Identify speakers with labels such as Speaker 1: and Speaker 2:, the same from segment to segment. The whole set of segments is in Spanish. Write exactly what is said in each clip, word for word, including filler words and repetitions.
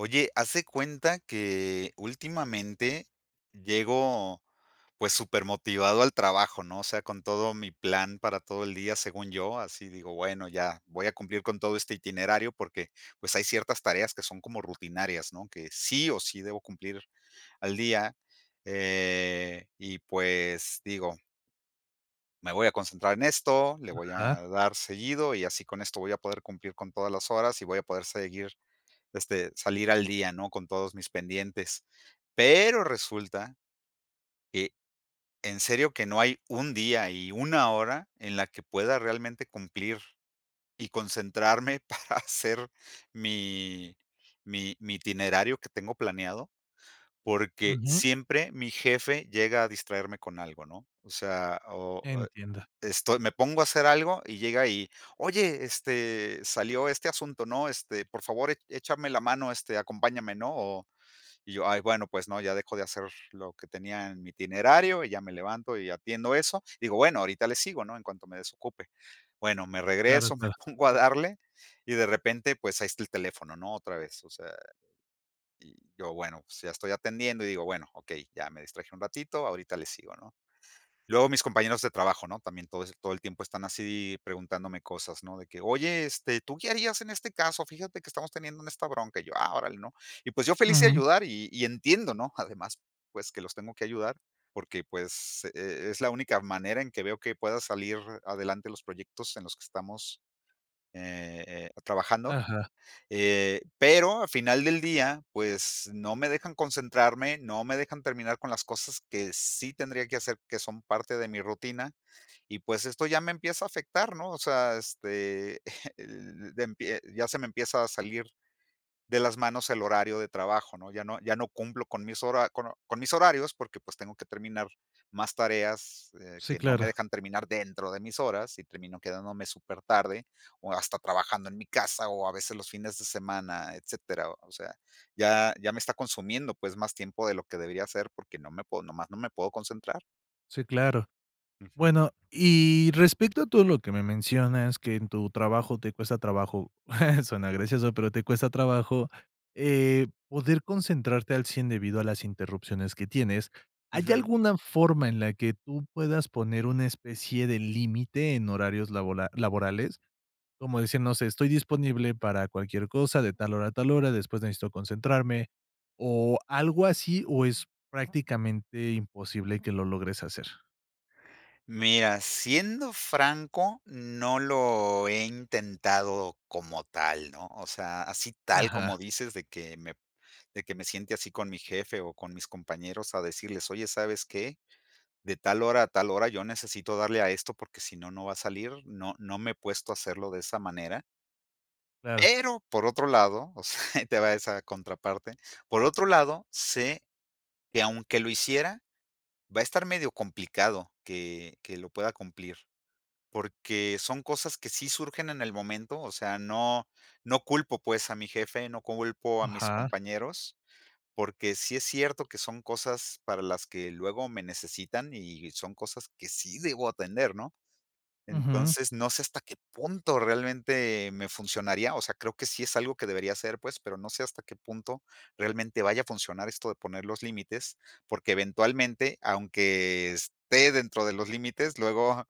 Speaker 1: Oye, haz de cuenta que últimamente llego, pues, super motivado al trabajo, ¿no?, o sea, con todo mi plan para todo el día, según yo, así digo: "Bueno, ya voy a cumplir con todo este itinerario", porque, pues, hay ciertas tareas que son como rutinarias, ¿no?, que sí o sí debo cumplir al día, eh, y pues, digo: "Me voy a concentrar en esto, le voy
Speaker 2: Ajá.
Speaker 1: a dar seguido y así con esto voy a poder cumplir con todas las horas y voy a poder seguir, este salir al día, ¿no?, con todos mis pendientes", pero resulta, eh, en serio que no hay un día y una hora en la que pueda realmente cumplir y concentrarme para hacer mi mi mi itinerario que tengo planeado, porque
Speaker 2: Ujú.
Speaker 1: siempre mi jefe llega a distraerme con algo, ¿no?, o sea, o, eh
Speaker 2: Entiendo.
Speaker 1: esto me pongo a hacer algo y llega y: "Oye, este, salió este asunto, ¿no?, este por favor e échame la mano, este acompáñame, ¿no?", o y yo, bueno pues, ¿no?, ya dejo de hacer lo que tenía en mi itinerario y ya me levanto y atiendo eso, digo: "Bueno ahorita le sigo, ¿no?, en cuanto me desocupe", bueno me
Speaker 2: Claro,
Speaker 1: regreso, me
Speaker 2: claro.
Speaker 1: pongo a darle y de repente, pues ahí está el teléfono, ¿no?, otra vez, o sea, y yo, bueno, pues ya estoy atendiendo y digo: "Bueno, okey, ya me distraje un ratito, ahorita le sigo", ¿no?, luego mis compañeros de trabajo, ¿no?, también todos, todo el tiempo están así preguntándome cosas, ¿no?, de que: "Oye, este, ¿tú qué harías en este caso?, fíjate que estamos teniendo en esta bronca", y yo: "Ah, órale", ¿no?, y pues yo feliz de
Speaker 2: Ujú.
Speaker 1: ayudar y y entiendo, ¿no?, además, pues que los tengo que ayudar, porque pues, e es la única manera en que veo que pueda salir adelante los proyectos en los que estamos, eh eh, trabajando,
Speaker 2: Ajá.
Speaker 1: eh, pero al final del día, pues, no me dejan concentrarme, no me dejan terminar con las cosas que sí tendría que hacer, que son parte de mi rutina, y, pues, esto ya me empieza a afectar, ¿no?, o sea, este, de empie ya se me empieza a salir de las manos el horario de trabajo, ¿no?, ya no ya no cumplo con mis hora con con mis horarios porque, pues tengo que terminar más tareas, eh,
Speaker 2: Sí,
Speaker 1: que no me
Speaker 2: claro.
Speaker 1: dejan terminar dentro de mis horas y termino quedándome super tarde o hasta trabajando en mi casa o a veces los fines de semana, etcétera. O sea, ya ya me está consumiendo, pues, más tiempo de lo que debería hacer, porque no me puedo nomás no me puedo concentrar.
Speaker 2: Sí, claro.
Speaker 1: Ujú.
Speaker 2: Bueno, y respecto a todo lo que me mencionas que en tu trabajo te cuesta trabajo, suena gracioso, pero te cuesta trabajo, eh, poder concentrarte al cien debido a las interrupciones que tienes, ¿hay
Speaker 1: Ujú.
Speaker 2: alguna forma en la que tú puedas poner una especie de límite en horarios labola laborales? Como dicen, no sé, estoy disponible para cualquier cosa, de tal hora a tal hora, después necesito concentrarme, o algo así, o es prácticamente imposible que lo logres hacer.
Speaker 1: Mira, siendo franco, no lo he intentado como tal, ¿no? O sea, así tal como
Speaker 2: Ajá.
Speaker 1: dices de que me de que me siente así con mi jefe, o con mis compañeros a decirles: "Oye, ¿sabes qué? De tal hora a tal hora yo necesito darle a esto, porque si no no va a salir". No no me he puesto a hacerlo de esa manera.
Speaker 2: Claro.
Speaker 1: Pero, por otro lado, o sea, ahí te va esa contraparte. Por otro lado, sé que aunque lo hiciera, va a estar medio complicado que, que lo pueda cumplir. Porque son cosas que sí surgen en el momento. O sea, no, no culpo, pues, a mi jefe, no culpo a mis
Speaker 2: Ajá.
Speaker 1: compañeros. Porque sí es cierto que son cosas para las que luego me necesitan, y son cosas que sí debo atender, ¿no?
Speaker 2: Ujú.
Speaker 1: Entonces, no sé hasta qué punto realmente me funcionaría. O sea, creo que sí es algo que debería ser, pues, pero no sé hasta qué punto realmente vaya a funcionar esto de poner los límites. Porque eventualmente, aunque esté dentro de los límites, luego,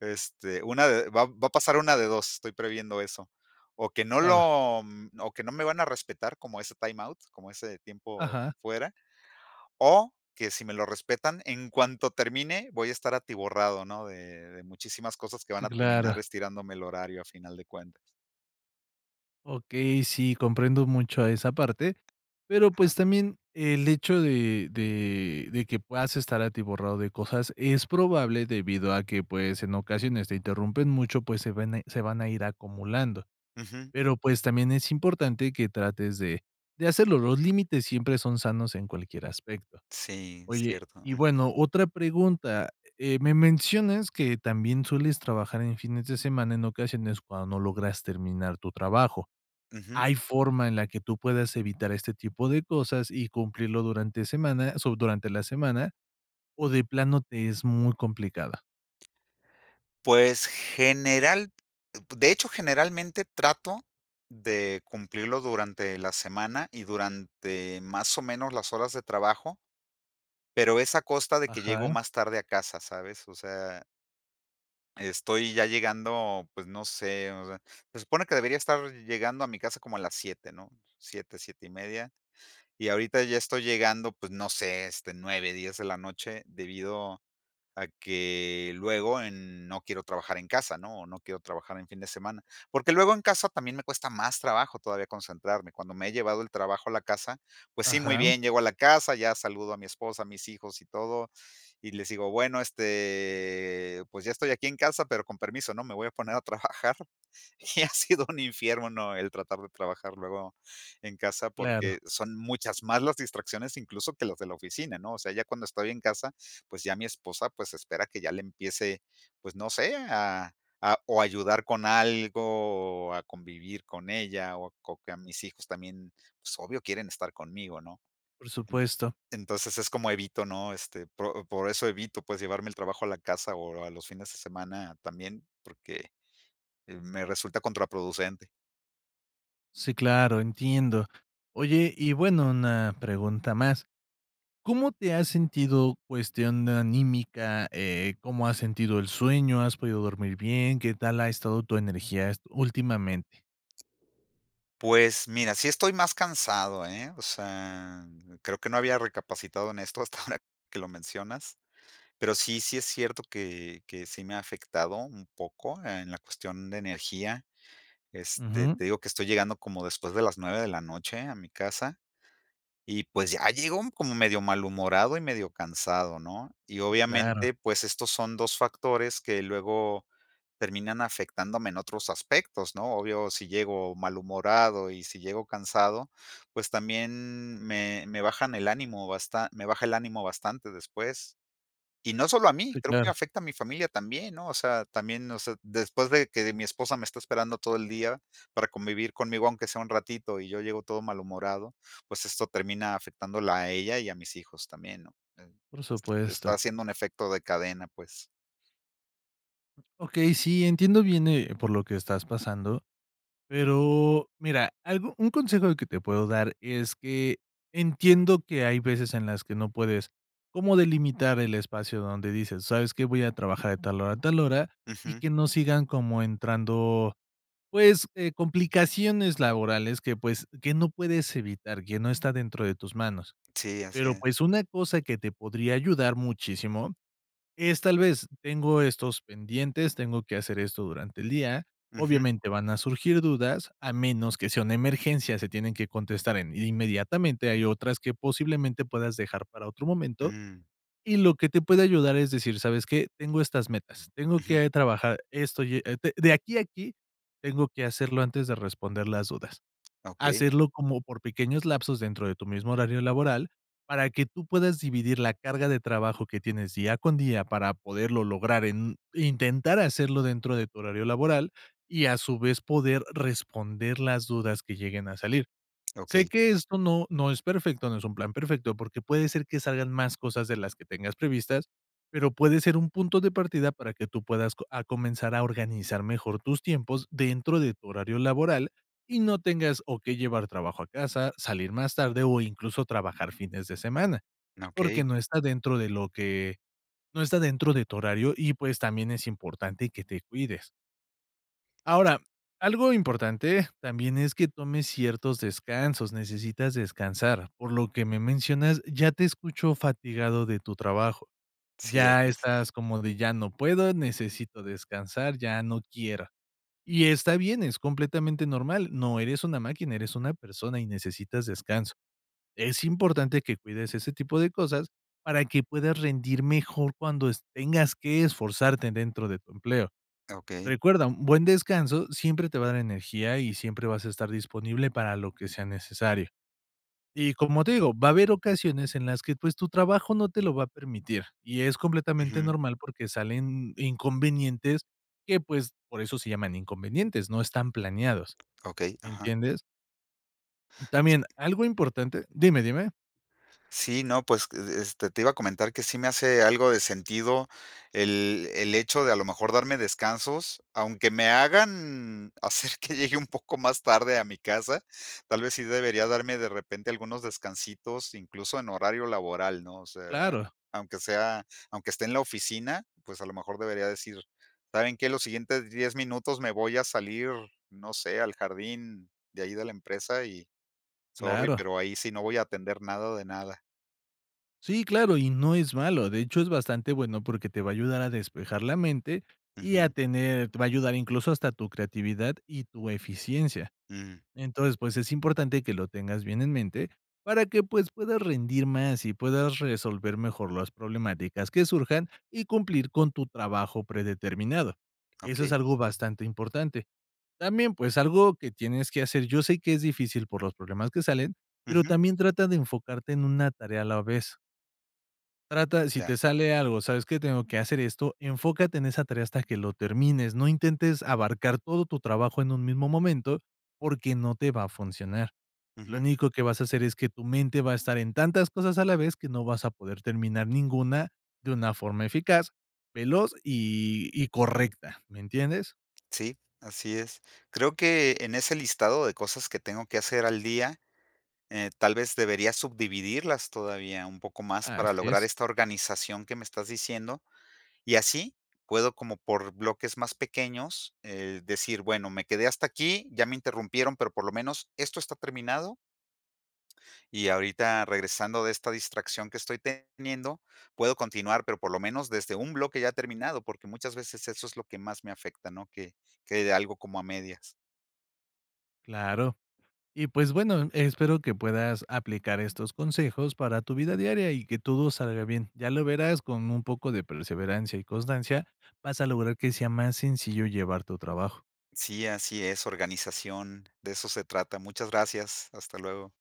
Speaker 1: este, una de va va a pasar una de dos, estoy previendo eso. O que no
Speaker 2: Claro.
Speaker 1: lo o que no me van a respetar, como ese time out, como ese tiempo
Speaker 2: Ajá.
Speaker 1: fuera. O que si me lo respetan, en cuanto termine voy a estar atiborrado, ¿no? De de muchísimas cosas que van
Speaker 2: Sí,
Speaker 1: a terminar
Speaker 2: claro.
Speaker 1: estirándome el horario a final de cuentas.
Speaker 2: Okey, sí, comprendo mucho a esa parte, pero, pues,
Speaker 1: Ajá.
Speaker 2: también el hecho de de de que puedas estar atiborrado de cosas, es probable debido a que, pues, en ocasiones te interrumpen mucho, pues, se vene se van a ir acumulando.
Speaker 1: Ujú.
Speaker 2: Pero, pues, también es importante que trates de de hacerlo, los límites siempre son sanos en cualquier aspecto.
Speaker 1: Sí,
Speaker 2: Oye,
Speaker 1: cierto,
Speaker 2: y
Speaker 1: ujú.
Speaker 2: bueno, otra pregunta, eh, me mencionas que también sueles trabajar en fines de semana en ocasiones cuando no logras terminar tu trabajo,
Speaker 1: Ujú.
Speaker 2: ¿hay forma en la que tú puedas evitar este tipo de cosas y cumplirlo durante semana sou durante la semana, so de plano te es muy complicada?
Speaker 1: Pues, general, uh, de hecho, generalmente trato de cumplirlo durante la semana y durante más o menos las horas de trabajo. Pero, es a costa de que llego
Speaker 2: Ajá.
Speaker 1: más tarde a casa, ¿sabes?, o sea Estoy ya llegando, pues no sé, o sea, se supone que debería estar llegando a mi casa como a las siete, ¿no? siete, siete y media. Y ahorita ya estoy llegando, pues, no sé, este, nueve, diez de la noche, debido a que luego en no quiero trabajar en casa, ¿no?, o no quiero trabajar en fin de semana. Porque luego en casa también me cuesta más trabajo todavía concentrarme. Cuando me he llevado el trabajo a la casa, pues sí, muy
Speaker 2: Ajá.
Speaker 1: bien. Llego a la casa, ya saludo a mi esposa, a mis hijos y todo, y les digo: "Bueno, este, pues, ya estoy aquí en casa, pero con permiso, ¿no?, me voy a poner a trabajar", y ha sido un infierno, ¿no?, el tratar de trabajar luego en casa, porque
Speaker 2: Claro.
Speaker 1: son muchas más las distracciones, incluso que las de la oficina, ¿no? O sea, ya cuando estoy en casa, pues ya mi esposa espera que ya le empiece, pues no sé, a a o ayudar con algo, o a convivir con ella o co a mis hijos también, pues, obvio quieren estar conmigo, ¿no?,
Speaker 2: Por
Speaker 1: en
Speaker 2: supuesto.
Speaker 1: entonces, es como evito, ¿no?, este, pro por eso evito, pues, llevarme el trabajo a la casa o a los fines de semana también, porque me resulta contraproducente.
Speaker 2: Sí, claro, entiendo. Oye, y bueno, una pregunta más, ¿cómo te has sentido cuestión anímica? Eh, ¿cómo has sentido el sueño? ¿Has podido dormir bien? ¿Qué tal ha estado tu energía esto últimamente?
Speaker 1: Pues mira, sí estoy más cansado, ¿eh? O sea, creo que no había recapacitado en esto hasta ahora que lo mencionas. Pero sí, sí es cierto que que sí me ha afectado un poco en la cuestión de energía. Este,
Speaker 2: Ujú.
Speaker 1: te digo que estoy llegando como después de las nueve de la noche a mi casa. Y pues, ya llego como medio malhumorado y medio cansado, ¿no? Y
Speaker 2: Sí, claro.
Speaker 1: obviamente, pues, estos son dos factores que luego terminan afectándome en otros aspectos, ¿no? Obvio, si llego malhumorado y si llego cansado, pues, también me me bajan el ánimo basta me baja el ánimo bastante después. Y no solo a mí,
Speaker 2: Sí,
Speaker 1: creo que
Speaker 2: claro.
Speaker 1: afecta a mi familia también, ¿no? O sea, también, o sea, después de que de mi esposa me está esperando todo el día para convivir conmigo aunque sea un ratito, y yo llego todo malhumorado, pues, esto termina afectándola a ella y a mis hijos también, ¿no? Em,
Speaker 2: Por
Speaker 1: está está
Speaker 2: supuesto.
Speaker 1: haciendo un efecto de cadena, pues.
Speaker 2: Okey, sí, entiendo bien, eh, por lo que estás pasando, pero, mira, algo un consejo de que te puedo dar es que, entiendo que hay veces en las que no puedes como delimitar el espacio donde dices: "¿Sabes qué? Voy a trabajar de tal hora a tal hora", y
Speaker 1: Ujú.
Speaker 2: que no sigan como entrando, pues, eh, complicaciones laborales que, pues, que no puedes evitar, que no está dentro de tus manos.
Speaker 1: Sí, así
Speaker 2: Pero,
Speaker 1: es.
Speaker 2: pues, una cosa que te podría ayudar muchísimo es, tal vez: "Tengo estos pendientes, tengo que hacer esto durante el día",
Speaker 1: Ujú.
Speaker 2: obviamente, van a surgir dudas, a menos que sea una emergencia, se tienen que contestar en inmediatamente, hay otras que posiblemente puedas dejar para otro momento.
Speaker 1: Mm.
Speaker 2: Y lo que te puede ayudar es decir: "¿Sabes qué? Tengo estas metas, tengo
Speaker 1: Ujú.
Speaker 2: que trabajar esto, y e d de aquí a aquí tengo que hacerlo antes de responder las dudas".
Speaker 1: Okey.
Speaker 2: Hacerlo como por pequeños lapsos dentro de tu mismo horario laboral, para que tú puedas dividir la carga de trabajo que tienes día con día para poderlo lograr en intentar hacerlo dentro de tu horario laboral. Y, a su vez, poder responder las dudas que lleguen a salir. Sé
Speaker 1: Okey.
Speaker 2: que esto no no es perfecto, no es un plan perfecto, porque puede ser que salgan más cosas de las que tengas previstas, pero puede ser un punto de partida para que tú puedas co a comenzar a organizar mejor tus tiempos dentro de tu horario laboral, y no tengas o qué llevar trabajo a casa, salir más tarde, o incluso, trabajar fines de semana, porque
Speaker 1: Okey.
Speaker 2: no está dentro de lo que no está dentro de tu horario y, pues, también es importante que te cuides. Ahora, algo importante también es que tomes ciertos descansos, necesitas descansar. Por lo que me mencionas, ya te escucho fatigado de tu trabajo,
Speaker 1: Sí, así
Speaker 2: ya
Speaker 1: es.
Speaker 2: estás como de: "Ya no puedo, necesito descansar, ya no quiera". Y está bien, es completamente normal, no eres una máquina, eres una persona y necesitas descanso. Es importante que cuides ese tipo de cosas, para que puedas rendir mejor cuando es tengas que esforzarte dentro de tu empleo.
Speaker 1: Ah, okey.
Speaker 2: Recuerda, un buen descanso siempre te va a dar energía, y siempre vas a estar disponible para lo que sea necesario. Y, como te digo, va a haber ocasiones en las que, pues, tu trabajo no te lo va a permitir, y es completamente
Speaker 1: Ujú.
Speaker 2: normal, porque salen inconvenientes que, pues, por eso se llaman inconvenientes, no están planeados,
Speaker 1: Okey,
Speaker 2: ¿me
Speaker 1: ajá.
Speaker 2: entiendes? También, algo importante Dime, dime.
Speaker 1: Sí, no, pues, e es este, te iba a comentar que sí me hace algo de sentido el el hecho de a lo mejor darme descansos, aunque me hagan hacer que llegue un poco más tarde a mi casa. Tal vez sí debería darme de repente algunos descansitos, incluso, en horario laboral, ¿no? O sea,
Speaker 2: Claro.
Speaker 1: aunque sea aunque esté en la oficina, pues, a lo mejor debería decir: "¿Saben qué?, los siguientes diez minutos me voy a salir, no sé, al jardín de ahí de la empresa y sorry,
Speaker 2: Claro.
Speaker 1: pero ahí sí no voy a atender nada, de nada".
Speaker 2: Sí, claro, y no es malo, de hecho, es bastante bueno, porque te va a ayudar a despejar la mente. Y a
Speaker 1: Ujú.
Speaker 2: tener te va a ayudar, incluso, hasta tu creatividad y tu eficiencia.
Speaker 1: Mm.
Speaker 2: Entonces, pues, es importante que lo tengas bien en mente para que, pues, puedas rendir más, y puedas resolver mejor las problemáticas que surjan, y cumplir con tu trabajo predeterminado. Eso es
Speaker 1: Okey.
Speaker 2: algo bastante importante. También, pues, algo que tienes que hacer yo sé que es difícil por los problemas que salen, pero
Speaker 1: Ujú.
Speaker 2: también trata de enfocarte en una tarea a la vez. Trata, de si
Speaker 1: Ya.
Speaker 2: te sale algo: "¿Sabes qué?, tengo que hacer esto", enfócate en esa tarea hasta que lo termines. No intentes abarcar todo tu trabajo en un mismo momento, porque no te va a funcionar. Lo
Speaker 1: Ujú.
Speaker 2: único que vas a hacer es que tu mente va a estar en tantas cosas a la vez que no vas a poder terminar ninguna, de una forma eficaz, veloz y y correcta, ¿me entiendes?
Speaker 1: Sí, así es. Creo que en ese listado de cosas que tengo que hacer al día, eh, tal vez deberías subdividirlas todavía un poco más para
Speaker 2: Así
Speaker 1: lograr
Speaker 2: es.
Speaker 1: esta organización que me estás diciendo, y así, puedo como por bloques más pequeños, eh, decir: "Bueno, me quedé hasta aquí, ya me interrumpieron, pero por lo menos esto está terminado" "y ahorita, regresando de esta distracción que estoy teniendo, puedo continuar". Pero, por lo menos, desde un bloque ya terminado, porque muchas veces eso es lo que más me afecta, ¿no?, que quede algo como a medias.
Speaker 2: Claro. Y, pues, bueno, espero que puedas aplicar estos consejos para tu vida
Speaker 1: Ujú.
Speaker 2: diaria y que todo salga bien. Ya lo verás, con un poco de perseverancia y constancia vas a lograr que sea más sencillo llevar tu trabajo.
Speaker 1: Sí, así es, organización, de eso se trata. Muchas gracias. Hasta luego.